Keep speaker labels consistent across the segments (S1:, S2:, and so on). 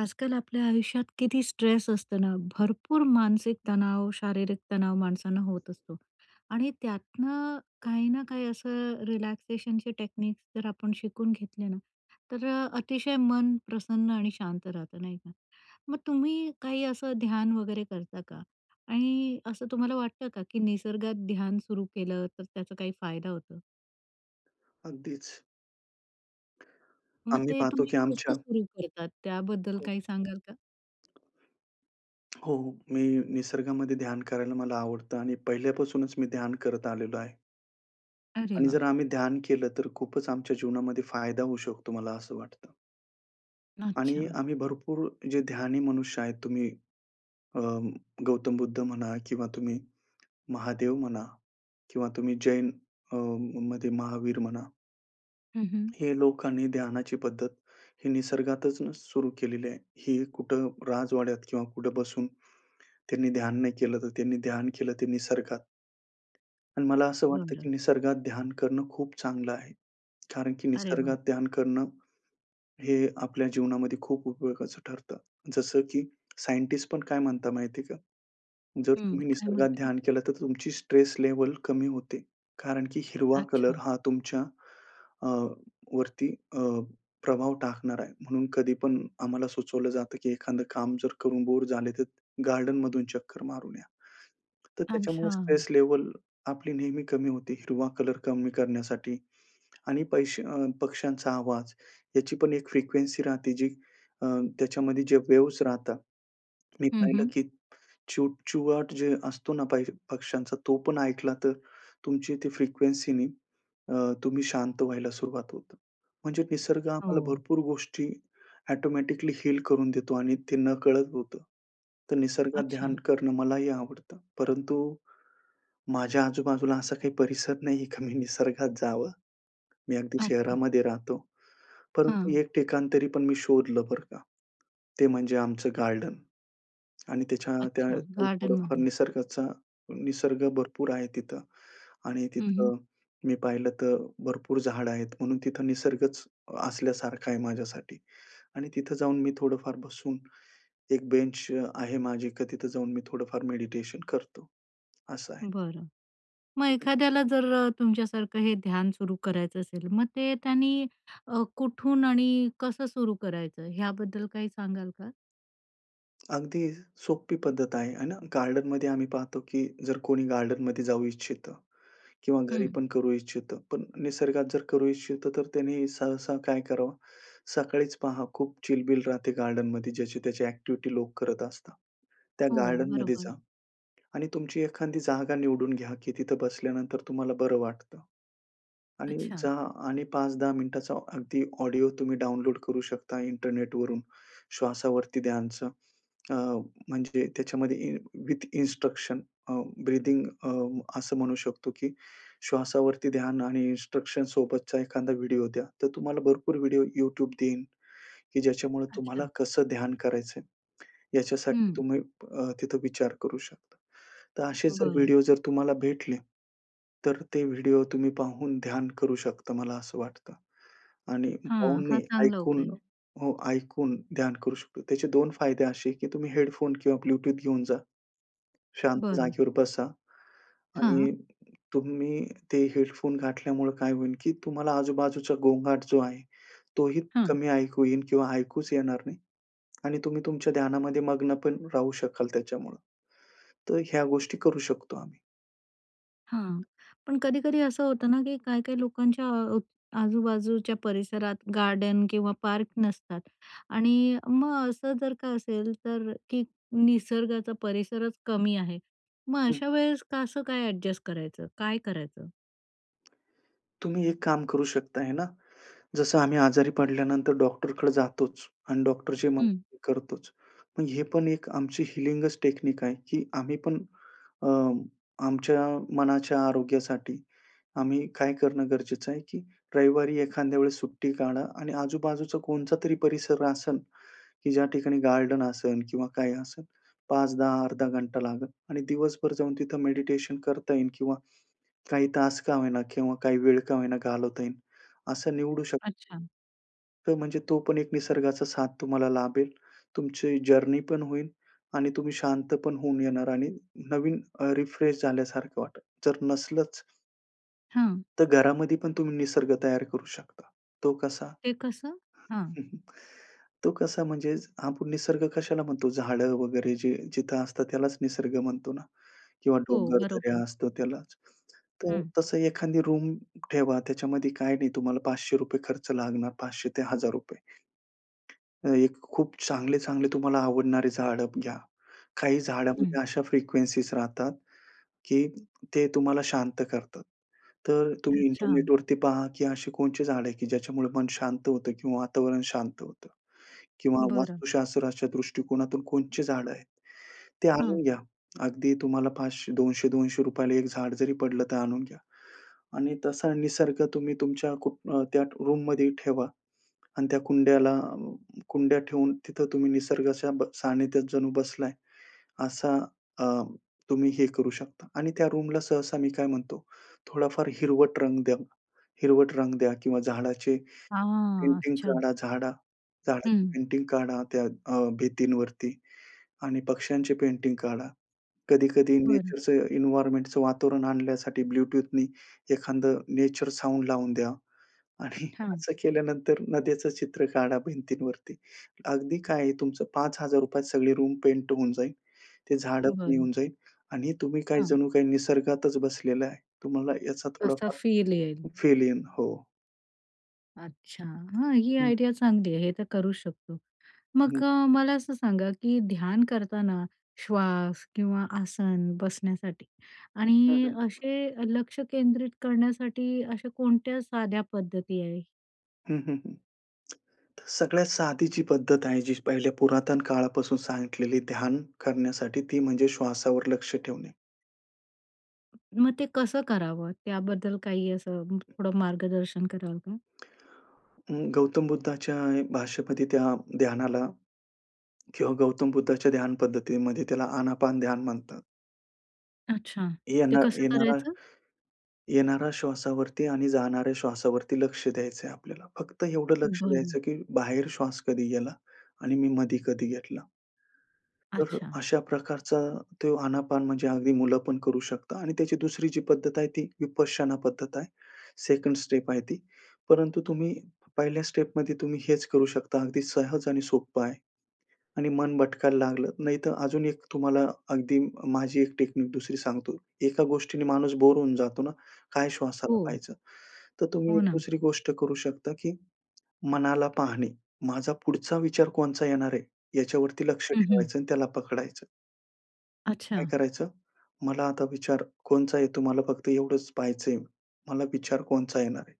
S1: आजकाल आपल्या आयुष्यात किती स्ट्रेस असतं ना भरपूर मानसिक तणाव, शारीरिक तणाव माणसांना होत असतो. आणि त्यातनं काही ना काही असं रिलॅक्सेशनचे टेक्निक्स जर आपण शिकून घेतले ना, तर अ, अतिशय मन प्रसन्न आणि शांत राहतं, नाही का? मग तुम्ही काही असं ध्यान वगैरे करता का? आणि असं तुम्हाला वाटतं का की निसर्गात ध्यान सुरू केलं, तर त्याचा काही फायदा होतो?
S2: अगदीच.
S1: मग
S2: आम्ही
S1: ते
S2: पाहतो
S1: तुम्ही
S2: की
S1: कसं
S2: आमच्या
S1: सुरु करतात. त्याबद्दल
S2: हो.
S1: काही सांगाल का?
S2: हो, मी निसर्गामध्ये ध्यान करायला मला आवडतं. आणि पहिल्यापासूनच मी ध्यान करत आलेलो आहे.
S1: अरे
S2: आणि जर
S1: वाह!
S2: आम्ही ध्यान केलं तर खूपच आमच्या जीवनामध्ये फायदा होऊ शकतो, मला असं वाटतं. आणि
S1: अच्छा.
S2: आम्ही भरपूर जे ध्यानी मनुष्य आहेत तुम्ही अ, गौतम बुद्ध म्हणा किंवा तुम्ही महादेव म्हणा किंवा तुम्ही जैन अ, मध्ये महावीर म्हणा.
S1: हं, हं.
S2: हे लोकांनी ध्यानाची पद्धत ही निसर्गातूनच सुरू केलेली आहे. ही कुठं राजवाड्यात किंवा कुठं बसून त्यांनी ध्यान नाही केलं, तर त्यांनी ध्यान केलं ते निसर्गात. आणि मला असं वाटतं,
S1: बरं.
S2: की निसर्गात ध्यान करणं खूप चांगलं आहे. कारण की
S1: अरे वाह!
S2: निसर्गात ध्यान करणं, हे आपल्या जीवनामध्ये खूप उपयोगाचं ठरतं. जसं की सायंटिस्ट पण काय म्हणतात माहिती आहे का? जर
S1: हं.
S2: तुम्ही
S1: काय
S2: निसर्गात
S1: म्हणता?
S2: ध्यान केलं तर तुमची स्ट्रेस लेव्हल कमी होते. कारण की हिरवा
S1: अच्छा.
S2: कलर हा तुमच्या अ, वरती अ, प्रभाव टाकणारा आहे. म्हणून कधी पण आम्हाला सुचवलं जातं की एखादं काम जर करून बोर झाले तर गार्डनमधून चक्कर मारून या. तर त्याच्यामुळे
S1: अच्छा.
S2: स्ट्रेस लेव्हल आपली नेहमी कमी होते. हिरवा कलर कमी करण्यासाठी आणि पैशे अ, पक्ष्यांचा आवाज. याची पण एक फ्रिक्वेन्सी राहते जी, अ, त्याच्यामध्ये जे वेव्हज राहतात. मी
S1: हं,
S2: पाहिलं
S1: हं.
S2: की चिवचिवाट जे असतो ना पाहिज पक्ष्यांचा तो पण ऐकला तर तुमची ती फ्रिक्वेन्सीनी अ, तुम्ही शांत व्हायला सुरुवात होते. म्हणजे निसर्ग आम्हाला
S1: हो.
S2: भरपूर गोष्टी ऑटोमॅटिकली हील करून देतो आणि ते नकळत होतं. तर निसर्गात ध्यान
S1: अच्छा.
S2: करणं मलाही आवडतं. परंतु माझ्या आजूबाजूला असा काही परिसर नाहीये का मी निसर्गात जावं. मी अगदी
S1: अच्छा.
S2: शहरामध्ये राहतो. परंतु
S1: हं.
S2: एक ठिकाण तरी पण मी शोधलं, बरं का? ते म्हणजे आमचं गार्डन. आणि त्याच्या त्या
S1: अच्छा,
S2: [unintelligible] थोडंफार
S1: गार्डनमध्ये.
S2: निसर्गाचा निसर्ग भरपूर आहे तिथं. आणि
S1: हं, हं.
S2: तिथं मी पाहिलं तर भरपूर झाडं आहेत. म्हणून तिथं निसर्गच असल्यासारखं आहे माझ्यासाठी. आणि तिथं जाऊन मी थोडंफार बसून एक बेंच अ, आहे माझी की तिथं जाऊन मी थोडंफार मेडिटेशन करतो. असं आहे.
S1: बरं. मग
S2: हं, हं.
S1: एखाद्याला जर अ, तुमच्यासारखं हे ध्यान सुरू करायचं असेल, मग ते त्यांनी अ, कुठून आणि कसं सुरू करायचं, ह्याबद्दल काही सांगाल का?
S2: अगदी सोपी पद्धत आहे, आहे ना. गार्डनमध्ये आम्ही पाहतो की जर कोणी गार्डनमध्ये जाऊ इच्छितं किंवा घरी
S1: हं.
S2: पण करू इच्छितं. पण निसर्गात जर करू इच्छितं, तर त्यांनी सहसा काय करावं? सकाळीच पहा खूप चिलबिल राहते गार्डनमध्ये. ज्याची त्याची अ‍ॅक्टिव्हिटी लोक करत असतात. त्या
S1: हो,
S2: गार्डनमध्ये
S1: बरोबर.
S2: जा आणि तुमची एखादी जागा निवडून घ्या की तिथं बसल्यानंतर तुम्हाला बरं वाटतं. आणि
S1: अच्छा.
S2: जा आणि 5-10 मिनिटाचा अगदी ऑडिओ तुम्ही डाउनलोड करू शकता इंटरनेटवरून, श्वासावरती ध्यानचं. अ, म्हणजे त्याच्यामध्ये इ विथ इन्स्ट्रक्शन अ, ब्रीथिंग अ, असं म्हणू शकतो की श्वासावरती ध्यान आणि इन्स्ट्रक्शनसोबतचा एखादा व्हिडिओ द्या. तर तुम्हाला भरपूर व्हिडिओ YouTube देईन की ज्याच्यामुळे तुम्हाला
S1: अच्छा.
S2: कसं ध्यान करायचंय याच्यासाठी
S1: हं.
S2: तुम्ही अ, तिथं विचार करू शकता. तर असे जर
S1: बरं.
S2: व्हिडिओ जर तुम्हाला भेटले, तर ते व्हिडिओ तुम्ही पाहून ध्यान करू शकता, मला असं वाटतं आणि
S1: हां,
S2: पाहून
S1: हा
S2: नाही
S1: चांगला उपाय
S2: ऐकून.
S1: आहे.
S2: हो, ऐकून ध्यान करू शकतो. त्याचे 2 फायदे असे आहे की तुम्ही हेडफोन किंवा ब्लूटूथ घेऊन जा. शांत
S1: बरं.
S2: जागेवर बसा
S1: हां.
S2: आणि तुम्ही ते हेडफोन घातल्यामुळे काय होईल की तुम्हाला आजूबाजूचा गोंगाट जो आहे, तोही
S1: हं.
S2: कमी ऐकू येईल किंवा ऐकूच येणार नाही. आणि तुम्ही तुमच्या ध्यानामध्ये मग्न पण राहू शकाल त्याच्यामुळं. तर ह्या गोष्टी करू शकतो आम्ही.
S1: हां, पण कधी-कधी असं होतं ना, की काही-काही लोकांच्या अ, आजूबाजूच्या परिसरात गार्डन किंवा पार्क नसतात आणि मग असं जर का असेल, तर की निसर्गाचा परिसरच कमी आहे. मग
S2: हं.
S1: अशा वेळेस कसं काय ॲडजस्ट करायचं? काय करायचं?
S2: तुम्ही एक काम करू शकता आहे ना, जसं आम्ही आजारी पडल्यानंतर डॉक्टरकडे जातोच आणि डॉक्टर जे मग
S1: हं.
S2: [unintelligible] करतोच. मग हे पण एक आमची हीलिंगच टेक्निक आहे, की आम्ही पण अ, आमच्या मनाच्या आरोग्यासाठी आम्ही काय करणं गरजेचं आहे की रविवारी एखाद्या वेळेस सुट्टी काढा आणि आजूबाजूचा कोणचा तरी परिसर आसन, की ज्या ठिकाणी गार्डन असेल किंवा काय असेल, 5-10 अर्धा घंटा लागेल आणि दिवसभर जाऊन तिथं मेडिटेशन करता येईल किंवा काही तास का होईना किंवा काही वेळ का होईना घालवता येईल. असं निवडू शकतो.
S1: अच्छा.
S2: तो म्हणजे तो पण एक निसर्गाचा साथ तुम्हाला लाभेल. तुमची जर्नी पण होईल आणि तुम्ही शांत पण होऊन येणार आणि नवीन रिफ्रेश झाल्यासारखं वाटतं. जर नसलंच
S1: हं.
S2: तर घरामध्ये पण तुम्ही निसर्ग तयार करू शकता. तो कसा?
S1: ते कसं? हां.
S2: तो कसा म्हणजे आपण निसर्ग कशाला म्हणतो? झाडं वगैरे जे जिथं असतात त्यालाच निसर्ग म्हणतो ना? किंवा
S1: हो.
S2: डोंगरदऱ्या
S1: बरोबर.
S2: असतात त्यालाच. तर
S1: हं.
S2: तसं एखादी रूम ठेवा. त्याच्यामध्ये काही नाही तुम्हाला ₹500 खर्च लागणार, 500 ते ₹1000 एक खूप चांगले-चांगले तुम्हाला आवडणारी झाडं घ्या. काही
S1: हं.
S2: झाडामध्ये अशा फ्रिक्वेन्सीज राहतात की ते तुम्हाला शांत करतात. तर तुम्ही
S1: अच्छा.
S2: इंटरनेटवरती पहा की अशी कोणती झाडं आहेत की ज्याच्यामुळे मन शांत होतं किंवा वातावरण शांत होतं किंवा
S1: बरं.
S2: वास्तुशास्त्राच्या दृष्टिकोनातून कोणती झाडं आहेत? ते
S1: हं.
S2: आणून घ्या. अगदी तुम्हाला 500 ₹200-200ला एक झाड जरी पडलं, तर आणून घ्या. आणि तसा निसर्ग तुम्ही तुमच्या को अ, त्या रूममध्ये ठेवा. आणि त्या कुंड्याला अ, कुंड्या ठेवून तिथं तुम्ही निसर्गाच्या ब सानिध्यात जणू बसलाय असा अ, तुम्ही हे करू शकता. आणि त्या रूमला सहसा मी काय म्हणतो थोडाफार हिरवट रंग द्या. हिरवट रंग द्या किंवा झाडाचे
S1: हां.
S2: पेंटिंग
S1: अच्छा.
S2: काढा, झाडा झाडाची
S1: हं.
S2: पेंटिंग काढा त्या अ, भिंतीवरती आणि पक्ष्यांचे पेंटिंग काढा. कधी-कधी
S1: बरं.
S2: नेचरचं एन्व्हायर्नमेंटचं वातावरण आणण्यासाठी ब्लूटूथनी एखादं नेचर साउंड लावून द्या. आणि
S1: हां.
S2: असं केल्यानंतर नद्याचं चित्र काढा भिंतींवरती. अगदी काय आहे? तुमचं ₹5000त सगळी रूम पेंट होऊन जाईन. ते झाडं पण
S1: बरं.
S2: येऊन जाईल आणि तुम्ही काही
S1: हां.
S2: जणू काही निसर्गातच बसलेला आहे. तुम्हाला याचा
S1: असा
S2: थोडाफार
S1: फील येईल.
S2: फील जाईन. हो.
S1: अच्छा. हां. ही
S2: हं.
S1: आयडिया चांगली आहे. हे तर करू शकतो.
S2: हं.
S1: मग अ, मला असं सांगा की ध्यान करताना श्वास किंवा आसन बसण्यासाठी आणि
S2: साधन.
S1: असे लक्ष केंद्रित करण्यासाठी अशा कोणत्या साध्या पद्धती आहे?
S2: हं, हं. हं. तर सगळ्यात साधी जी पद्धत आहे जी पहिल्या पुरातन काळापासून सांगितलेली ध्यान करण्यासाठी ती म्हणजे श्वासावर लक्ष ठेवणे.
S1: मग ते कसं करावं? त्याबद्दल काही असं थोडं मार्गदर्शन कराल का?
S2: अ, गौतम बुद्धाच्या भाष्यपती त्या ध्यानाला किंवा गौतम बुद्धाच्या ध्यान पद्धतीमध्ये त्याला, आनापान ध्यान म्हणतात.
S1: अच्छा. ते
S2: येणा
S1: कसं
S2: येणारा
S1: करायचं?
S2: येणारा श्वासावरती आणि जाणाऱ्या श्वासावरती लक्ष द्यायचंय आपल्याला. फक्त एवढं लक्ष द्यायचं
S1: बरं.
S2: की बाहेर श्वास कधी गेला आणि मी मध्ये कधी घेतला. तर
S1: अच्छा.
S2: अशा प्रकारचा तो आनापान म्हणजे अगदी मुलं पण करू शकता आणि त्याची दुसरी जी पद्धत आहे ती विपश्यना पद्धत आहे. सेकंड स्टेप आहे ती. परंतु तुम्ही पहिल्या स्टेपमध्ये तुम्ही हेच करू शकता, अगदी सहज आणि सोपं आहे. आणि मन भटकायला लागलं नाही तर, अजून एक तुम्हाला अगदी माझी 1 टेक्निक 2री सांगतो. एका गोष्टीने माणूस बोर होऊन जातो ना, काय श्वासाला
S1: हो.
S2: पाहायचं? तर तुम्ही
S1: हो
S2: एक
S1: ना.
S2: दुसरी गोष्ट करू शकता की मनाला पाहणे. माझा पुढचा विचार कोणचा येणार आहे याच्यावरती लक्ष
S1: हं, हं.
S2: ठेवायचं आणि त्याला पकडायचं. काय
S1: अच्छा.
S2: करायचं? मला आता विचार कोणता आहे तुम्हाला फक्त एवढंच पहायचंय. मला विचार कोणता येणार आहे?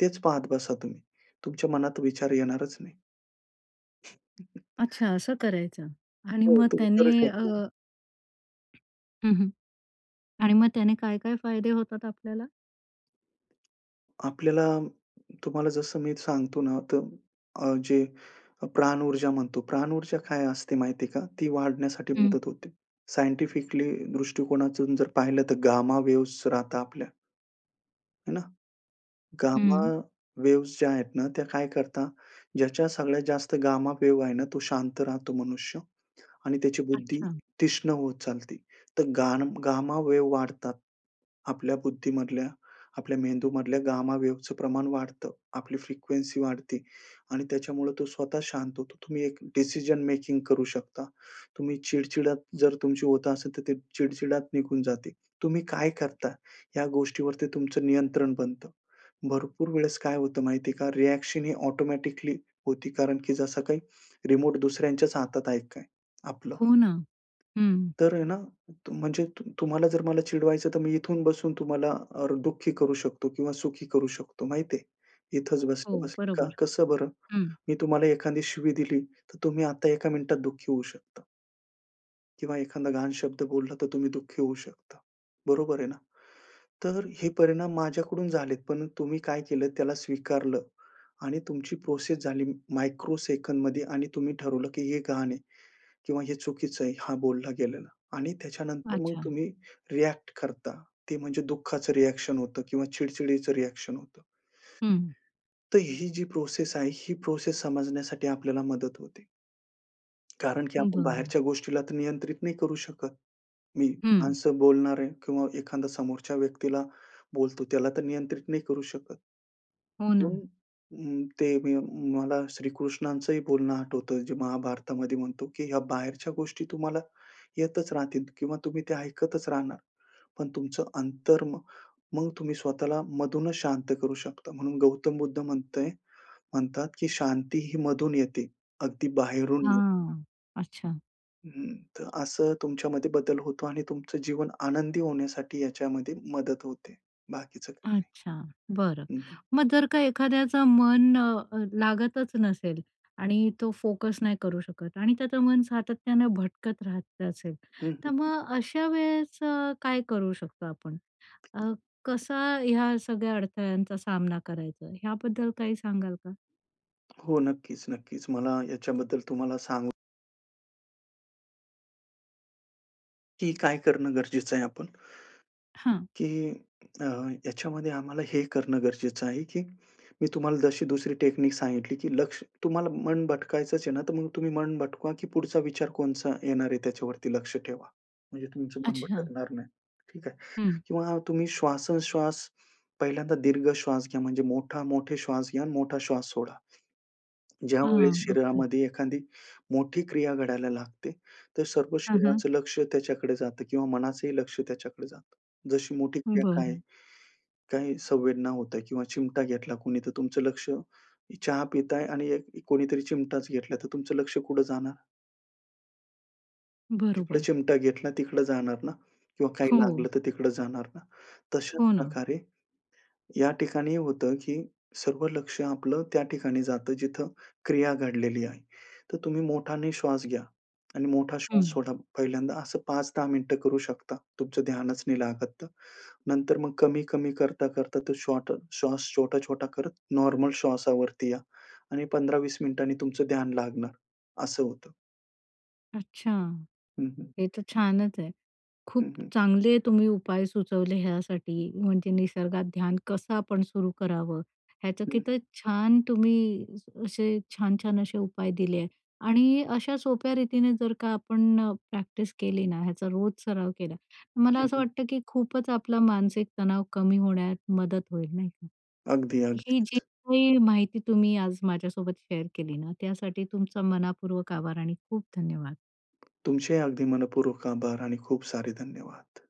S2: तेच पाहत बसा तुम्ही. तुमच्या मनात विचार येणारच नाही.
S1: अच्छा. असं करायचं आणि
S2: हो,
S1: मग
S2: तुम्ही करू
S1: त्याने अ,
S2: शकता.
S1: हं, हं. आणि मग त्याने काय-काय फायदे होतात आपल्याला?
S2: आपल्याला तुम्हाला जसं मी सांगतो ना तर अ, जे प्राण ऊर्जा म्हणतो, प्राण ऊर्जा काय असते माहिती आहे का? ती वाढण्यासाठी
S1: हं.
S2: मदत होते. सायंटिफिकली दृष्टिकोनातून जर पाहिलं तर, गामा वेव्हज राहतात आपल्या आहे ना? गामा
S1: हं.
S2: वेव्ह्ज ज्या आहेत ना, त्या काय करतात, ज्याच्या सगळ्यात जास्त गामा वेव्ह आहे ना, तो शांत राहतो मनुष्य आणि त्याची बुद्धी
S1: अच्छा.
S2: तीक्ष्ण होत चालते. तर गान गामा वेव्ह वाढतात. आपल्या बुद्धीमधल्या, आपल्या मेंदूमधल्या गामा वेव्हजचं प्रमाण वाढतं. आपली फ्रिकवेन्सी वाढते आणि त्याच्यामुळे तो स्वतः शांत होतो. तुम्ही एक डिसिजन मेकिंग करू शकता. तुम्ही चिडचिडत जर, तुमची होत असेल तर, ते चिडचिडत निघून जाते. तुम्ही काय करता या गोष्टीवर ते तुमचं नियंत्रण बनतं. भरपूर वेळेस काय होतं माहिती आहे का? रिॲक्शन ही ऑटोमॅटिकली होती, कारण की जसं काही रिमोट दुसऱ्यांच्याच हातात आहे की काय आपलं.
S1: हो ना. हं.
S2: तर आहे ना. म्हणजे तु तुम्हाला जर मला चिडवायचं तर, मी इथून बसून तुम्हाला अ, दुःखी करू शकतो किंवा सुखी करू शकतो, माहिती आहे? इथेच
S1: हो,
S2: बसल्या-बसल्या. का
S1: बरोबर.
S2: कसं बरं?
S1: हं.
S2: मी तुम्हाला एखादी शिवी दिली तर, तुम्ही आता 1का मिनिटात दुःखी होऊ शकता. किंवा एखादा घाण शब्द बोलला, तर तुम्ही दुःखी होऊ शकता, बरोबर आहे ना? तर हे परिणाम माझ्याकडून झालेत, पण तुम्ही काय केलं? त्याला स्वीकारलं आणि तुमची प्रोसेस झाली मायक्रो सेकंदमध्ये आणि तुम्ही ठरवलं की हे घाण आहे किंवा हे चुकीचं आहे, हा बोलला गेलेला. आणि त्याच्यानंतर मग
S1: अच्छा.
S2: तुम्ही रिॲक्ट करता. ते म्हणजे दुःखाचं रिॲक्शन होतं किंवा चिड-चिडीचं रिॲक्शन होतं.
S1: हं.
S2: तर ही जी प्रोसेस आहे, ही प्रोसेस समजण्यासाठी आपल्याला मदत होते. कारण की आपण
S1: बरं.
S2: बाहेरच्या गोष्टीला तर नियंत्रित नाही करू शकत. मी
S1: हं.
S2: माणसं बोलणार आहे किंवा एखादा समोरच्या व्यक्तीला बोलतो, त्याला तर नियंत्रित नाही करू शकत.
S1: हो ना.
S2: म्हणून अ, ते मी मला अ, श्रीकृष्णांचही बोलणं आठवतं जे महाभारतामध्ये म्हणतो, की "ह्या बाहेरच्या गोष्टी तुम्हाला येतच राहतील किंवा तुम्ही त्या ऐकतच राहणार. पण तुमचं अंतर म मग तुम्ही स्वतःला मधूनच शांत करू शकता" म्हणून गौतम बुद्ध म्हणताय म्हणतात, "की शांती ही मधून येते, अगदी बाहेरून नाही."
S1: हां, अच्छा.
S2: हं. तर असं तुमच्यामध्ये बदल होतो आणि तुमचं जीवन आनंदी होण्यासाठी याच्यामध्ये मदत होते. बाकीचं
S1: अच्छा. बरं.
S2: हं, हं.
S1: मग जर का एखाद्याचा मन अ, लागतच नसेल आणि तो फोकस नाही करू शकत आणि त्याचं मन सातत्याने भटकत राहत असेल,
S2: हं,
S1: तर
S2: हं, हं.
S1: मग अशा वेळेस अ, काय करू शकतो आपण? अ, कसा या सगळ्या अडथळ्यांचा सामना करायचा, याबद्दल काही सांगाल का?
S2: हो. नक्कीच, नक्कीच. मला याच्याबद्दल तुम्हाला सांग की काय करणं गरजेचं आहे आपण?
S1: हां.
S2: की अ, ह्याच्यामध्ये आम्हाला हे करणं गरजेचं आहे, की मी तुम्हाला जशी दुसरी टेक्निक सांगितली की लक्ष तुम्हाला मन भटकायचंच आहे ना, तर मग तुम्ही मन भटकवा, की पुढचा विचार कोणता येणार आहे त्याच्यावरती लक्ष ठेवा. म्हणजे तुमचं मन
S1: अच्छा.
S2: भटकणार नाही. ठीक आहे.
S1: हं.
S2: किंवा हा, तुम्ही श्वासोच्छवास पहिल्यांदा दीर्घश्वास घ्या म्हणजे मोठा मोठे श्वास घ्या आणि मोठा श्वास सोडा.
S1: हां,
S2: ज्यावेळेस
S1: ओके.
S2: शरीरामध्ये एखादी मोठी क्रिया घडायला लागते तर सर्व
S1: हं, हं.
S2: शरीराचं लक्ष त्याच्याकडे जातं किंवा मनाचंही लक्ष त्याच्याकडे जातं. जशी मोठी क्रिया काय आहे?
S1: बरं.
S2: काही संवेदना होत आहे किंवा चिमटा घेतला कुणी तर तुमचं लक्ष चहा पिताय आणि एक कोणीतरी चिमटाच घेतला तर तुमचं लक्ष कुठे जाणार? जिकडे
S1: बरोबर.
S2: चिमटा घेतला तिकडे जाणार ना? किंवा काही लागलं
S1: हो.
S2: तर तिकडे जाणार ना? तशाच
S1: हो ना.
S2: प्रकारे या ठिकाणी होतं, की सर्व लक्ष आपलं त्या ठिकाणी जातं जिथे क्रिया घडलेली आहे. तर तुम्ही मोठाने श्वास घ्या आणि मोठा श्वास
S1: हं.
S2: सोडा. पहिल्यांदा असं 5-10 मिनिटे करू शकता. तुमचं ध्यानच नाही लागत तर. नंतर मग कमी-कमी करता-करता तो शॉट श्वास छोटा-छोटा करत नॉर्मल श्वासावरती या आणि 15-20 मिनिटांनी तुमचं ध्यान लागणार, असं होतं.
S1: अच्छा.
S2: हं, हं.
S1: हे तर छानच आहे. खूप
S2: हं, हं.
S1: चांगले तुम्ही उपाय सुचवले ह्यासाठी म्हणजे निसर्गात ध्यान कसं आपण सुरू करावं? ह्याचं
S2: हं,
S1: किती
S2: हं.
S1: छान तुम्ही अ, असे छान-छान असे उपाय दिले आहे आणि अशा सोप्या रीतीने जर का आपण प्रॅक्टिस केली ना ह्याचा रोज सराव केला. तर मला
S2: हं,
S1: असं
S2: हं.
S1: वाटतं, की खूपच आपला मानसिक तणाव कमी होण्यात मदत होईल, नाही का?
S2: अगदी,
S1: ही जी
S2: अगदीच.
S1: काही माहिती तुम्ही आज माझ्यासोबत शेअर केली ना त्यासाठी तुमचा मनपूर्वक आभार आणि खूप धन्यवाद!
S2: तुमचे ही अगदी मनःपूर्वक आभार आणि खूप सारे धन्यवाद!